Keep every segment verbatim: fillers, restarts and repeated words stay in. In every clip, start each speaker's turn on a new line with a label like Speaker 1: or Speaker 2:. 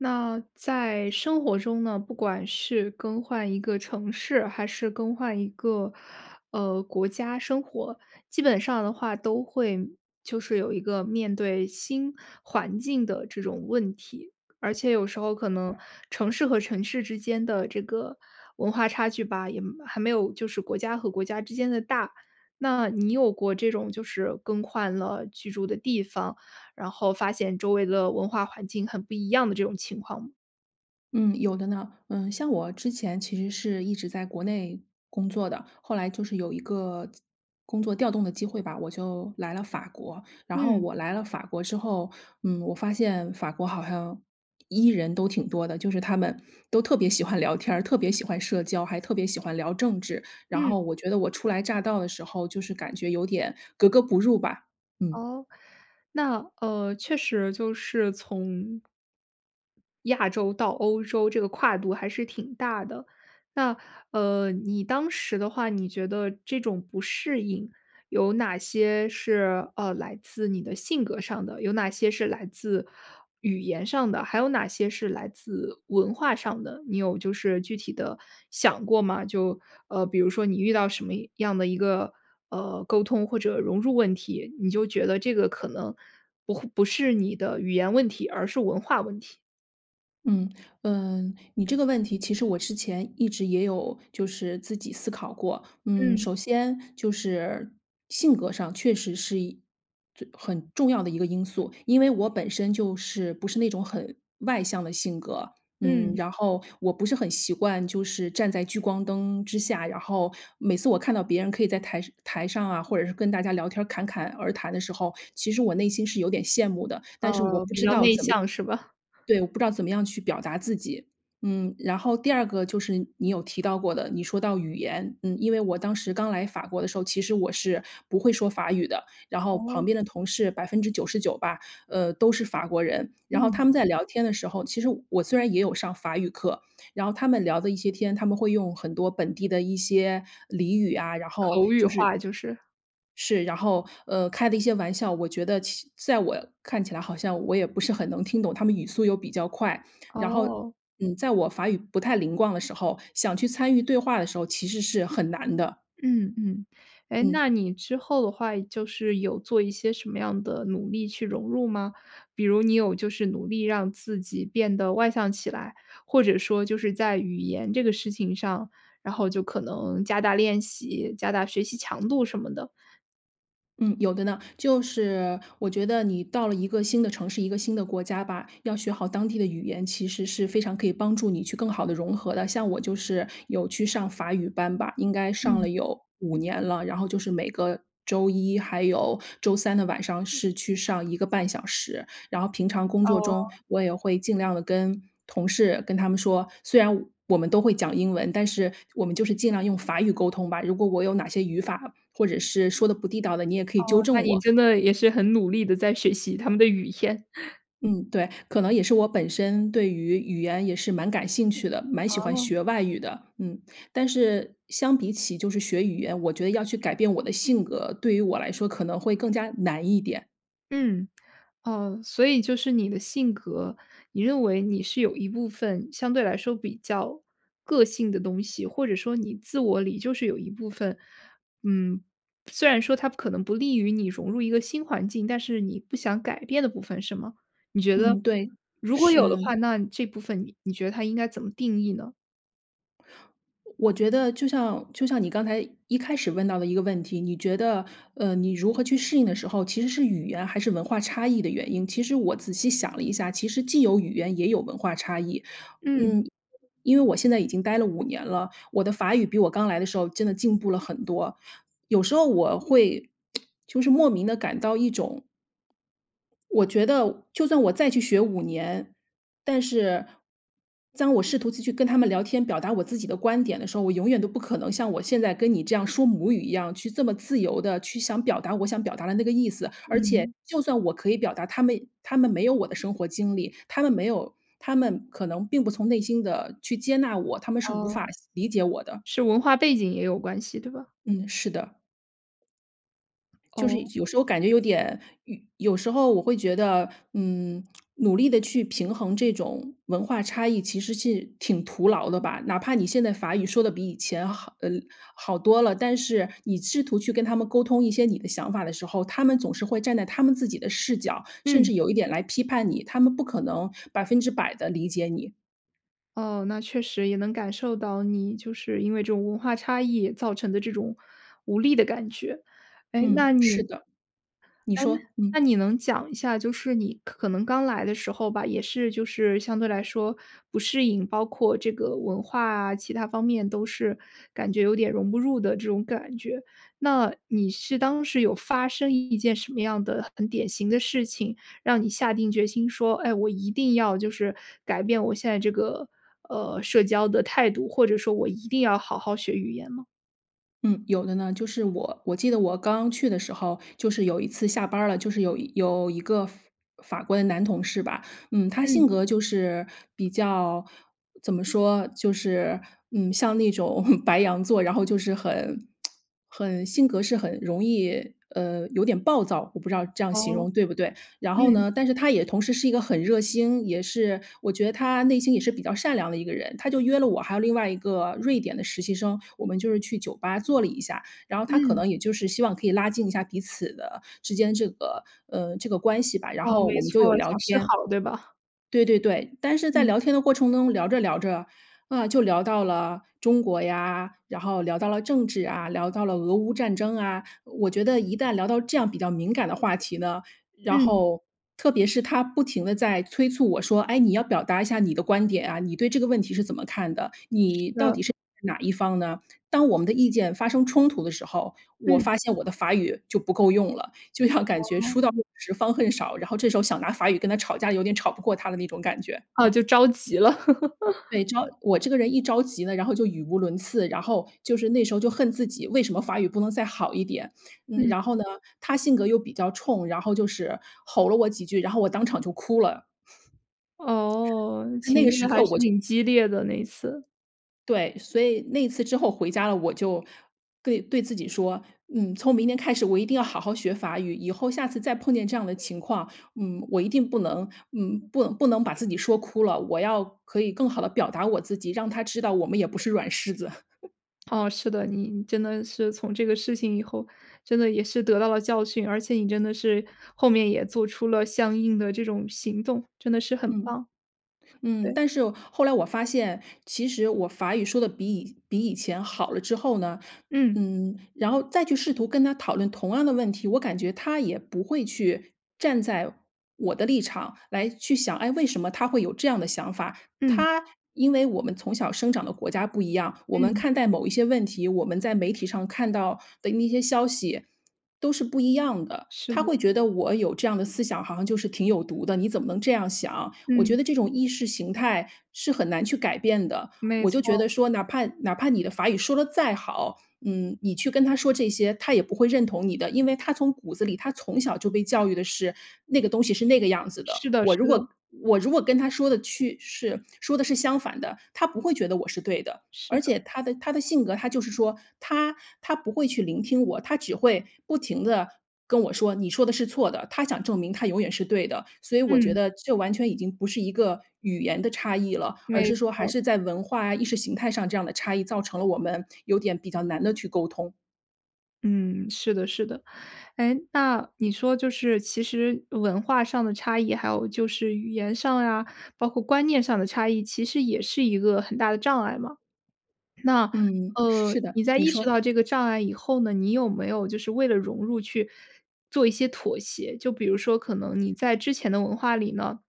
Speaker 1: 那在生活中呢，不管是更换一个城市，还是更换一个，呃，国家生活，基本上的话都会，就是有一个面对新环境的这种问题，而且有时候可能城市和城市之间的这个，文化差距吧，也没还没有就是国家和国家之间的大。那你有过这种就是更换了居住的地方，然后发现周围的文化环境很不一样的这种情况吗？
Speaker 2: 嗯，有的呢。嗯，像我之前其实是一直在国内工作的。后来就是有一个工作调动的机会吧，我就来了法国。然后
Speaker 1: 嗯。
Speaker 2: 我来了法国之后，嗯，我发现法国好 hiang E 人都挺多的。就是他们都特别喜欢聊天儿，特别喜欢社交，还特别喜欢聊政治。然
Speaker 1: 嗯。
Speaker 2: 后我觉得我初来乍到的时候就是感觉有点格格不入吧，嗯。
Speaker 1: 哦？那，呃，确实就是从亚洲到欧洲这个跨度还是挺大的。那，呃，你当时的话，你觉得这种不适应有哪些是，呃，来自你的性格上的，有哪些是来自，语言上的，还有哪些是来自文化上的，你有就是具体地想过吗？就，呃，比如说你遇到什么样的一个，呃，沟通或者融入问题，你就觉得这个可能，不会不是你的语言问题，而是文化问题。
Speaker 2: 嗯，呃，你这个问题，其实我之前一直也有就是自己思考过。嗯，
Speaker 1: 嗯。
Speaker 2: 首先就是，性格上确实是一最很重要的一个因素。因为我本身就是，不是那种很外向的性格。嗯，
Speaker 1: 嗯。
Speaker 2: 然后我不是很习惯就是站在聚光灯之下，然后每次我看到别人可以在台台上啊，或者是跟大家聊天侃侃而谈的时候，其实我内心是有点羡慕的，但是我
Speaker 1: 呃，
Speaker 2: 不
Speaker 1: 比
Speaker 2: 知
Speaker 1: 较
Speaker 2: 道
Speaker 1: 内
Speaker 2: 怎么
Speaker 1: 向是吧？
Speaker 2: 对，我不知道怎么样去表达自己。嗯，然后第二个就是你有提到过的，你说到语言，嗯，因为我当时刚来法国的时候，其实我是不会说法语的，然后旁
Speaker 1: 哦。
Speaker 2: 边的同事百分之九十九吧，呃，都是法国人。然后
Speaker 1: 嗯。
Speaker 2: 他们在聊天的时候，其实我虽然也有上法语课，然后他们聊的一些天，他们会用很多本地的一些俚语啊，然后，
Speaker 1: 口语
Speaker 2: 就是
Speaker 1: 化就是。
Speaker 2: 是，然后呃，开的一些玩笑，我觉得其在我看起来好像我也不是很能听懂，他们语速又比较快，然后，
Speaker 1: 哦。
Speaker 2: 嗯，在我法语不太灵光的时候，想去参与对话的时候，其实是很难的。
Speaker 1: 嗯，嗯，哎，
Speaker 2: 嗯。
Speaker 1: 那你之后的话，就是有做一些什么样的努力去融入吗？比如你有就是努力让自己变得外向起来，或者说就是在语言这个事情上，然后就可能加大练习，加大学习强度什么的？
Speaker 2: 嗯，有的呢。就是我觉得你到了一个新的城市、一个新的国家吧，要学好当地的语言，其实是非常可以帮助你去更好地融合的。像我就是有去上法语班吧，应该上
Speaker 1: 嗯。
Speaker 2: 了有五年了，然后就是每个周一还有周三的晚上是去上一个半小时，然后平常工作中
Speaker 1: 哦。
Speaker 2: 我也会尽量地跟同事跟他们说：“虽然我们都会讲英文，但是我们就是尽量用法语沟通吧，如果我有哪些语法或者是说得不地道的，你也可以
Speaker 1: 哦，
Speaker 2: 纠正
Speaker 1: 那你
Speaker 2: 我。”
Speaker 1: 真的也是很努力地在学习他们的语言。
Speaker 2: 嗯，对，可能也是我本身对于语言也是蛮感兴趣的，蛮喜欢
Speaker 1: 哦。
Speaker 2: 学外语的。嗯，但是相比起就是学语言，我觉得要去改变我的性格，对于我来说可能会更加难一点。
Speaker 1: 嗯，哦，所以就是你的性格，你认为你是有一部分相对来说比较个性的东西，或者说你自我里就是有一部分，嗯，虽然说它可能不利于你融入一个新环境，但是你不想改变的部分是吗？你觉得，
Speaker 2: 嗯，对，
Speaker 1: 如果有的
Speaker 2: 是。
Speaker 1: 话，那这部分你你觉得它应该怎么定义呢？
Speaker 2: 我觉得就像就像你刚才一开始问到的一个问题。你觉得，呃，你如何去适应的时候，其实是语言还是文化差异的原因，其实我仔细想了一下，其实既有语言也有文化差异。
Speaker 1: 嗯。
Speaker 2: 嗯，因为我现在已经待了五年了，我的法语比我刚来的时候真的进步了很多，有时候我会 就是莫名的感到一种我觉得就算我再去学五年，但是，当我试图字去跟他们聊天，表达我自己的观点的时候，我永远都不可能像我现在跟你这样说母语一样，去这么自由地去想表达我想表达的那个意思，而且
Speaker 1: 嗯。
Speaker 2: 就算我可以表达，他们他们没有我的生活经历，他们没有他们可能并不从内心的去接纳我，他们是无
Speaker 1: 哦，
Speaker 2: 法理解我的。
Speaker 1: 是文化背景也有关系，对吧？
Speaker 2: 嗯，是的。就是
Speaker 1: 哦。
Speaker 2: 有时候感觉有点有有时候我会觉得，嗯，努力的去平衡这种文化差异其实是挺徒劳的吧。哪怕你现在法语说的比以前好呃，好多了，但是你试图去跟他们沟通一些你的想法的时候，他们总是会站在他们自己的视角，甚
Speaker 1: 嗯。
Speaker 2: 至有一点来批判你，他们不可能百分之百的理解你。
Speaker 1: 哦，那确实也能感受到你就是因为这种文化差异造成的这种无力的感觉。哎，
Speaker 2: 嗯，
Speaker 1: 那
Speaker 2: 是
Speaker 1: 你
Speaker 2: 的。你
Speaker 1: 哎，
Speaker 2: 说，嗯。
Speaker 1: 那你能讲一下，就是你可能刚来的时候吧，也是就是相对来说不适应，包括这个文化啊，其他方面都是感觉有点融不入的这种感觉。那你是当时有发生一件什么样的很典型的事情，让你下定决心说，哎，我一定要就是改变我现在这个，呃，社交的态度，或者说我一定要好好学语言吗？
Speaker 2: 嗯，有的呢，就是我我记得我刚去的时候，就是有一次下班儿了，就是有有一个法法国的男同事吧。嗯，他
Speaker 1: 嗯。
Speaker 2: 性格就是比较怎么说，就是，嗯，像那种 白羊座，然后就是很 很性格是很容易，呃，有点暴躁。我不知道这样形
Speaker 1: 哦，
Speaker 2: 容对不对？然后
Speaker 1: 嗯。
Speaker 2: 呢，但是他也同时是一个很热心，也是我觉得他内心也是比较善良的一个人，他就约了我还有另外一个瑞典的实习生，我们就是去酒吧坐了一下。然后他可
Speaker 1: 嗯。
Speaker 2: 能也就是希望可以拉近一下彼此的之间这个，呃，这个关系吧。然
Speaker 1: 哦，
Speaker 2: 后
Speaker 1: 没
Speaker 2: 我们就
Speaker 1: 错
Speaker 2: 有
Speaker 1: 儿，
Speaker 2: 聊
Speaker 1: 想示
Speaker 2: 天。
Speaker 1: 好对吧？
Speaker 2: 对对对。但是在
Speaker 1: 嗯。
Speaker 2: 聊天的过程中聊着聊着，啊，就聊到了中国呀，然后聊到了政治啊，聊到了俄乌战争啊，我觉得一旦聊到这样比较敏感的话题呢，然
Speaker 1: 嗯。
Speaker 2: 后特别是他不停的在催促我说，哎，你要表达一下你的观点啊，你对这个问题是怎么看的？
Speaker 1: 是
Speaker 2: 你到
Speaker 1: 的。
Speaker 2: 底是站在哪一方呢？当我们的意见发生冲突的时候，我
Speaker 1: 嗯。
Speaker 2: 发现我的法语就不够用了，就像感觉
Speaker 1: 哦。
Speaker 2: 书到用时方恨少，然后这时候想拿法语跟他吵架，有点吵不过他的那种感觉。
Speaker 1: 啊，就着急了。
Speaker 2: 对，只要我这个人一着急呢，然后就语无伦次，然后就是那时候就恨自己，为什么法语不能再好一点。嗯，
Speaker 1: 嗯。
Speaker 2: 然后呢，他性格又比较冲，然后就是吼了我几句，然后我当场就哭了。
Speaker 1: 哦，
Speaker 2: 在那
Speaker 1: 情
Speaker 2: 个
Speaker 1: 绪
Speaker 2: 时刻
Speaker 1: 还是
Speaker 2: 我就
Speaker 1: 挺激烈的那次。
Speaker 2: 对，所以那次之后回家了，我就对对自己说，嗯，从明天开始，我一定要好好学法语。以后下次再碰见这样的情况，嗯，我一定不能嗯，不不能把自己说哭了，我要可以更好地表达我自己，让他知道我们也不是软柿子。
Speaker 1: 哦，是的，你真的是从这个事情以后，真的也是得到了教训，而且你真的是后面也做出了相应的这种行动，真的是很
Speaker 2: 嗯，
Speaker 1: 棒。
Speaker 2: 嗯，
Speaker 1: 对。
Speaker 2: 但是后来我发现其实我法语说的比以比以前好了之后呢，
Speaker 1: 嗯。
Speaker 2: 嗯，然后再去试图跟他讨论同样的问题，我感觉他也不会去站在我的立场来去想，哎，为什么她会有这样的想法。
Speaker 1: 嗯。
Speaker 2: 他因为我们从小生长的国家不一样，我们
Speaker 1: 嗯。
Speaker 2: 看待某一些问题，我们在媒体上看到的那些消息，都是不一样的。
Speaker 1: 是
Speaker 2: 他
Speaker 1: 的。
Speaker 2: 会觉得我有这样的思想，好像就是挺有毒的，你怎么能这样想？我觉
Speaker 1: 嗯。
Speaker 2: 得这种意识形态是很难去改变的，
Speaker 1: 没
Speaker 2: 我就觉
Speaker 1: 错。
Speaker 2: 得说哪怕哪怕你的法语说得再好，嗯，你去跟他说这些，他也不会认同你的。因为他从骨子里，他从小就被教育的是那个东西是那个样子的。
Speaker 1: 是的，
Speaker 2: 我
Speaker 1: 是
Speaker 2: 如
Speaker 1: 的。
Speaker 2: 果我如果跟他说的去是说的是相反的，他不会觉得我是对的。
Speaker 1: 是
Speaker 2: 而
Speaker 1: 的。
Speaker 2: 且他的他的性格，他就是说他他不会去聆听我，他只会不停地跟我说：“你说的是错的”。他想证明他永远是对的。所以我觉
Speaker 1: 嗯。
Speaker 2: 得这完全已经不是一个语言的差异了。而
Speaker 1: 没
Speaker 2: 是说，还
Speaker 1: 错。
Speaker 2: 是在文化、意识形态上这样的差异，造成了我们有点比较难地去沟通。
Speaker 1: 嗯，是的，是的。诶，那你说就是其实文化上的差异，还有就是语言上呀，包括观念上的差异，其实也是一个很大的障碍吗？那，
Speaker 2: 嗯。
Speaker 1: 呃，
Speaker 2: 是的，
Speaker 1: 你在
Speaker 2: 你
Speaker 1: 意识
Speaker 2: 说。
Speaker 1: 到这个障碍以后呢，你有没有就是为了融入去做一些妥协？就比如说可能你在之前的文化里呢，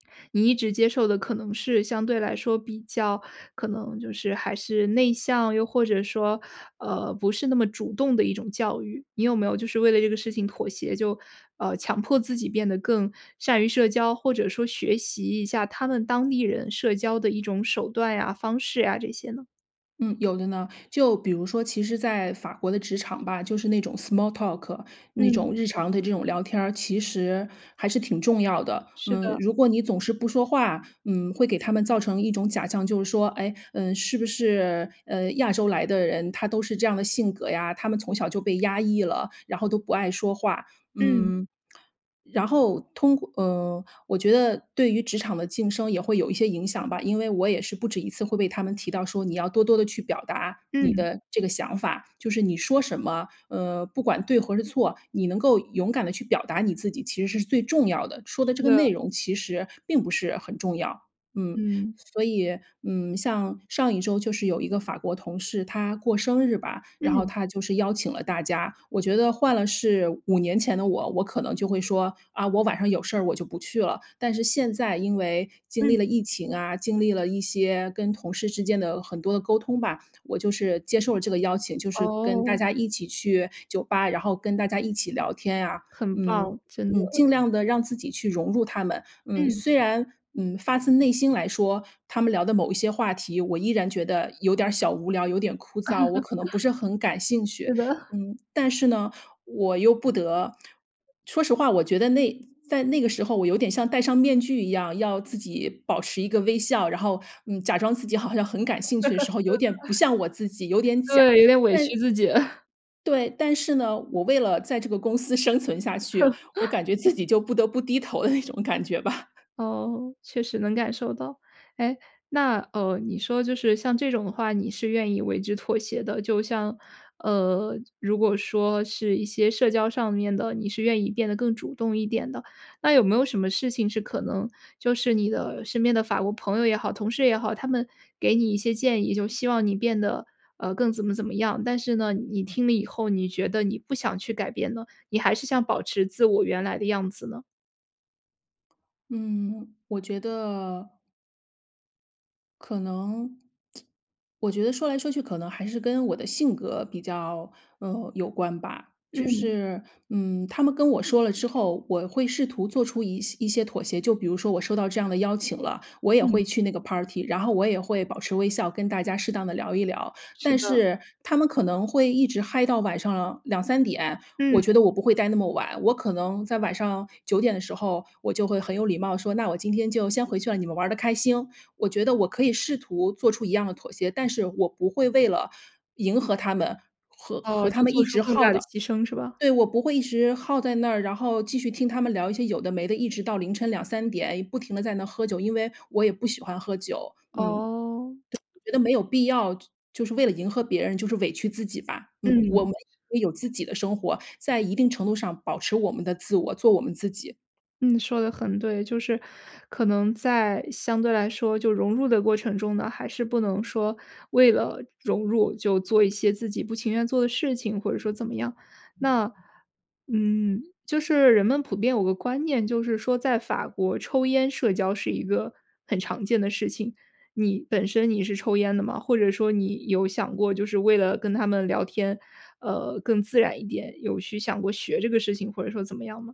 Speaker 1: 你一直接受的可能是相对来说比较可能就是还是内向？又或者说，呃，不是那么主动的一种教育。你有没有就是为了这个事情妥协，就呃，强迫自己变得更善于社交，或者说学习一下他们当地人社交的一种手段呀、方式呀这些呢？
Speaker 2: 嗯，有的呢。就比如说其实在法国的职场吧，就是那种 small talk，那
Speaker 1: 嗯。
Speaker 2: 种日常的这种聊天儿，其实还是挺重要的。
Speaker 1: 是
Speaker 2: 嗯，
Speaker 1: 的。
Speaker 2: 如果你总是不说话，嗯，会给他们造成一种假象，就是说：哎？嗯是不是，嗯，亚洲来的人，他都是这样的性格呀？他们从小就被压抑了，然后都不爱说话，
Speaker 1: 嗯。
Speaker 2: 嗯，然后通过呃，我觉得对于职场的晋升也会有一些影响吧。因为我也是不止一次会被他们提到说你要多多地去表达你
Speaker 1: 嗯。
Speaker 2: 的这个想法。就是你说什么，呃，不管对或是错，你能够勇敢地去表达你自己其实是最重要的，说的这
Speaker 1: 是
Speaker 2: 个
Speaker 1: 的。
Speaker 2: 内容其实并不是很重要，嗯。
Speaker 1: 嗯。
Speaker 2: 所以，嗯，像上一周就是有一个法国同事，他过生日吧，然后
Speaker 1: 嗯。
Speaker 2: 他就是邀请了大家。我觉得换了是五年前的我，我可能就会说：“啊，我晚上有事儿我就不去了。”但是现在因为经
Speaker 1: 嗯。
Speaker 2: 历了疫情啊，经历了一些跟同事之间的很多的沟通吧，我就是接受了这个邀请，就是跟大
Speaker 1: 哦。
Speaker 2: 家一起去酒吧，然后跟大家一起聊天啊。
Speaker 1: 很
Speaker 2: 嗯，
Speaker 1: 棒，真的。
Speaker 2: 嗯，尽量地让自己去融入他们，嗯。
Speaker 1: 嗯。
Speaker 2: 虽然，嗯，发自内心来说，他们聊的某一些话题，我依然觉得有点儿小无聊、有点枯燥，我可能不 是很感兴趣，
Speaker 1: 是的。
Speaker 2: 嗯。但是呢，我又不得 说实话我觉得那在那个时候我有点像戴上面具一样，要自己保持一个微笑，然后，嗯，假装自己好像很感兴趣的时候，有点不 像我自己、有点假。
Speaker 1: 对，有点委屈
Speaker 2: 但
Speaker 1: 自己。
Speaker 2: 对，但是呢，我为了在这个公司生存下去，我 感觉自己就不得不低头的那种感觉吧。
Speaker 1: 哦，确实能感受到。哎，那哦，你说就是像这种的话你是愿意为之妥协的。就像，呃，如果说是一些社交上面的，你是愿意变得更主动一点的。那有没有什么事情是可能就是你的身边的法国朋友也好、同事也好，他们给你一些建议，就希望你变得，呃，更怎么怎么样，但是呢，你听了以后，你觉得你不想去改变了，你还是想保持自我原来的样子呢？
Speaker 2: 嗯，我觉得可能 我觉得说来说去可能还是跟我的性格比较，呃，有关吧。就
Speaker 1: 嗯。
Speaker 2: 是，嗯，他们跟我说了之后，我会试图做出一些一些妥协，就比如说我收到这样的邀请了，我也
Speaker 1: 嗯。
Speaker 2: 会去那个 party，然后我也会保持微笑跟大家适当地聊一聊。
Speaker 1: 是
Speaker 2: 但
Speaker 1: 的。
Speaker 2: 是他们可能会一直嗨到晚上两三点，我
Speaker 1: 嗯。
Speaker 2: 觉得我不会待那么晚，我可能在晚上九点的时候，我就会很有礼貌说：“那我今天就先回去了，你们玩儿的开兴。”我觉得我可以试图做出一样的妥协，但是我不会为了迎合他们，和
Speaker 1: 哦，
Speaker 2: 和他
Speaker 1: 就
Speaker 2: 们
Speaker 1: 做
Speaker 2: 一
Speaker 1: 出
Speaker 2: 直
Speaker 1: 更
Speaker 2: 耗
Speaker 1: 大的
Speaker 2: 的。
Speaker 1: 牺牲是吧？
Speaker 2: 对，我不会一直耗在那儿，然后继续听他们聊一些有的没的，一直到凌晨两三点，不停地在那喝酒，因为我也不喜欢喝酒。嗯，
Speaker 1: 哦。
Speaker 2: 对，我觉得没 有必要就就是为了迎合别人，就是委屈自己吧。嗯，我
Speaker 1: 嗯。
Speaker 2: 们也有自己的生活。在一定程度上保持我们的自我，做我们自己。
Speaker 1: 嗯，说得很对。就是可能在相对来说，就融入的过程中呢，还是不能说为了融入就做一些自己不情愿做的事情，或者说怎么样。那，嗯，就是人们普遍有个观念，就是说在法国抽烟社交是一个很常见的事情。你本身你是抽烟的吗？或者说你有想过就是为了跟他们聊天，呃，更自然一点，有去想过学这个事情，或者说怎么样吗？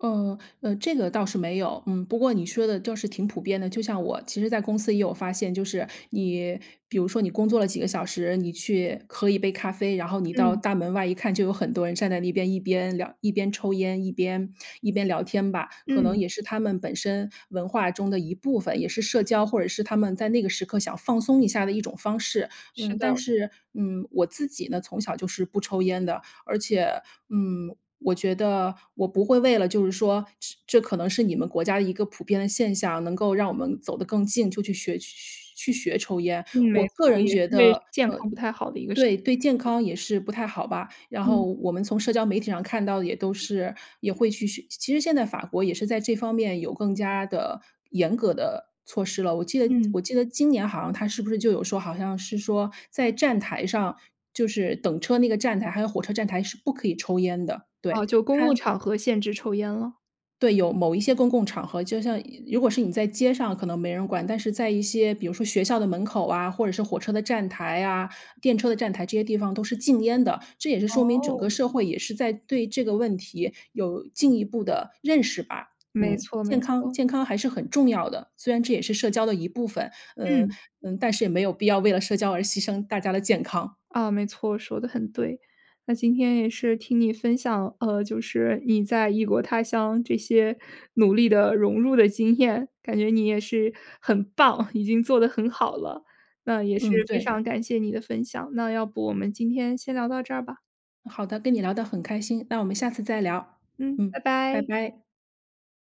Speaker 2: 呃，呃，这个倒是没有。嗯，不过你说的倒是挺普遍的，就像我其实在公司也有发现，就是，你比如说你工作了几个小时，你去喝一杯咖啡，然后你到
Speaker 1: 嗯。
Speaker 2: 大门外一看，就有很多人站在那边，一边聊一边抽烟一边，一边聊天吧。可能
Speaker 1: 嗯。
Speaker 2: 也是他们本身文化中的一部分，也是社交或者是他们在那个时刻想放松一下的一种方式。
Speaker 1: 是
Speaker 2: 嗯，但
Speaker 1: 的。
Speaker 2: 是，嗯，我自己呢，从小就是不抽烟的。而且，嗯，我觉得，我不会为了就是说，是这可能是你们国家一个普遍的现象，能够让我们走得更近，就去学学去学抽烟。
Speaker 1: 嗯，没
Speaker 2: 我个
Speaker 1: 错，
Speaker 2: 人
Speaker 1: 也是
Speaker 2: 觉
Speaker 1: 因
Speaker 2: 得，
Speaker 1: 为健
Speaker 2: 呃
Speaker 1: 康不太好的一个事。
Speaker 2: 对，对
Speaker 1: [unintelligible]
Speaker 2: 健康也是不太好吧。然后
Speaker 1: 嗯。
Speaker 2: 我们从社交媒体上看到的也都是也会去学其实现在法国也是在这方面有更加的严格的措施了。我记得
Speaker 1: 嗯。
Speaker 2: 我记得今年好像它是不是就有说，好像是说在站台上，就是等车那个站台，还有火车站台是不可以抽烟的。
Speaker 1: 哦，
Speaker 2: 对，
Speaker 1: 就公
Speaker 2: 它
Speaker 1: 共场合限制抽烟了。
Speaker 2: 对，有某一些公共场合，就像如果是你在街上可能没人管。但是在一些比如说学校的门口啊，或者是火车的站台呀，电车的站台，这些地方都是禁烟的。这也是说明整
Speaker 1: 哦。
Speaker 2: 个社会也是在对这个问题有进一步的认识吧。
Speaker 1: 没
Speaker 2: 嗯，
Speaker 1: 错，没
Speaker 2: 健康
Speaker 1: 错。
Speaker 2: 健康还是很重要的，虽然这也是社交的一部分。嗯，
Speaker 1: 嗯。
Speaker 2: 嗯，但是也没有必要为了社交而牺牲大家的健康。
Speaker 1: 啊，没错，说得很对。那今天也是听你分享，呃，就是你在异国他乡这些努力的融入的经验，感觉你也是很棒，已经做得很好了。那也是
Speaker 2: 嗯，
Speaker 1: 非
Speaker 2: 对。
Speaker 1: 常感谢你的分享，那要不我们今天先聊到这儿吧。
Speaker 2: 好的，跟你聊得很开心，那我们下次再聊。
Speaker 1: 嗯，
Speaker 2: 嗯，
Speaker 1: 拜
Speaker 2: 拜
Speaker 1: 拜。
Speaker 2: 拜。